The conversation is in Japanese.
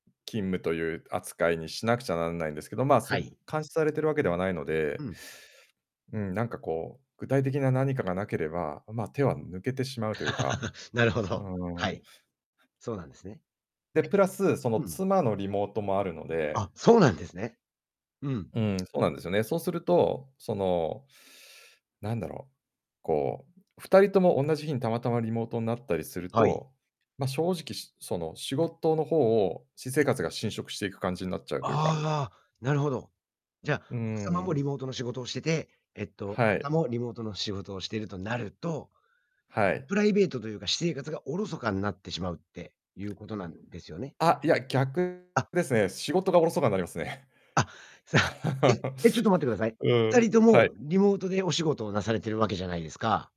勤務とゆう扱いにしなくちゃなんないんですけど、まあ、はそい。監視されてるわけではないのうで、ん。うん、なんかこう、具体的な何かがなければ、あ、まあ、手は抜けてしまうというか、なるほうど、ーはん。い。そうなんですね。で、プラス、その、え、うん。妻のリモートもあるのあ、でそうなんですね。うん。うん、そうなんですよね。そうすると、その、なんだろう、こう、2人ともおんなじ日にたまたまリモートになったりするはい。と、ま、正直、しその、仕事の方を私生活が侵食していく感じになっちゃうというあかあああ、なるほど。じゃ、うー奥様もん。リモートの仕事をしてて、えっと、はさい。も、リモートの仕事をしてるとなるとはい。プライベートとゆうか、私生活が疎かになってしまうってゆうことなんですよね？あ、いや、逆あ。ですね。仕事がおろそかになりますね。あ、さあ えっ、え、ちょっと待ってください。うふたん、りとはい。も、リモートでお仕事をなされてるわけじゃないですか